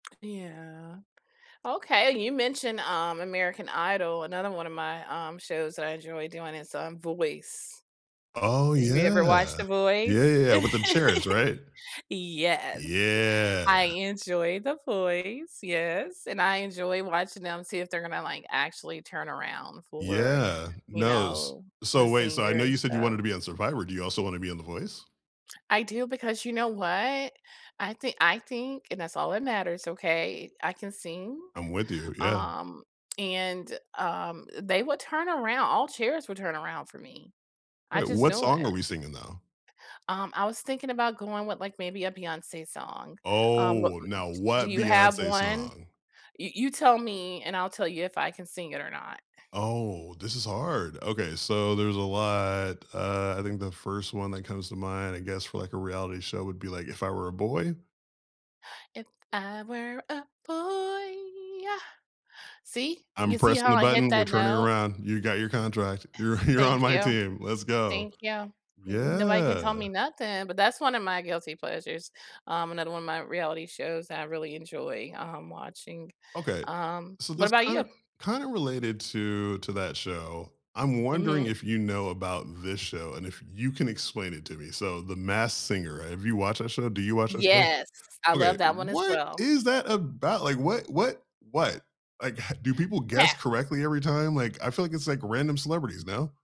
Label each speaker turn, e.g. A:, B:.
A: Yeah. Okay, you mentioned, um, American Idol, another one of my, um, shows that I enjoy doing is, um, Voice.
B: Oh,
A: Have you ever
B: yeah.
A: watched The
B: Yeah,
A: Voice?
B: yeah, with them chairs, right?
A: Yes,
B: Yeah.
A: I enjoy The Voice, yes, and I enjoy watching them see if they're gonna, like, actually turn around for,
B: Yeah,
A: you
B: nose,
A: know,
B: so,
A: the
B: wait, so, I
A: singer
B: know
A: and
B: you said you
A: stuff.
B: wanted to be on Survivor, do you also wanna be on The Voice?
A: I do because you know what, I thi I think and that's all that matters, okay, I can sing,
B: I'm with you, yeah.
A: um, and, um, they would turn aroun all chairs would turn around for me. I
B: Wait,
A: just
B: what
A: know
B: song
A: it.
B: are we singing, though?
A: Um, I was thinking about going with, like, maybe a Beyonce song, um, what,
B: Oh,
A: w
B: now,
A: d do
B: what
A: you have
B: Beyonce
A: one?
B: song?
A: You you tell me, and I'll tell you if I can sing it or not.
B: Oh, this is hard, okay, so, there's a lot, uh, I think the 1st one that comes to mind, I guess, for, like, a reality show would be, like, "If I Were a Boy?"
A: If I were a boy, yuh! See,
B: I'm
A: you see
B: pressing
A: how
B: the
A: I hit
B: button, we're
A: that
B: turning
A: note?
B: around, you got your contract, you're you're on
A: Thank
B: my
A: you.
B: team, let's go.
A: Thank you, n nobody can
B: Yeah.
A: tell me nothing, but that's one of my guilty pleasures, um, another one of my reality shows that I really enjoy, um, watching.
B: Okay.
A: Um,
B: So,
A: what
B: this
A: about you?
B: kinda kinda related to to that show, I'm wondering
A: Mhm.
B: if you know about this show, and if you can explain it to me, so, The Masked Singer, have you watched that show do you watch that show?
A: Yes, I love
B: Okay,
A: that one as
B: what
A: well.
B: is that about, like, what what what? Like, h do people guess
A: Ca
B: correctly every time, like, I feel like it's, like, random celebrities, no?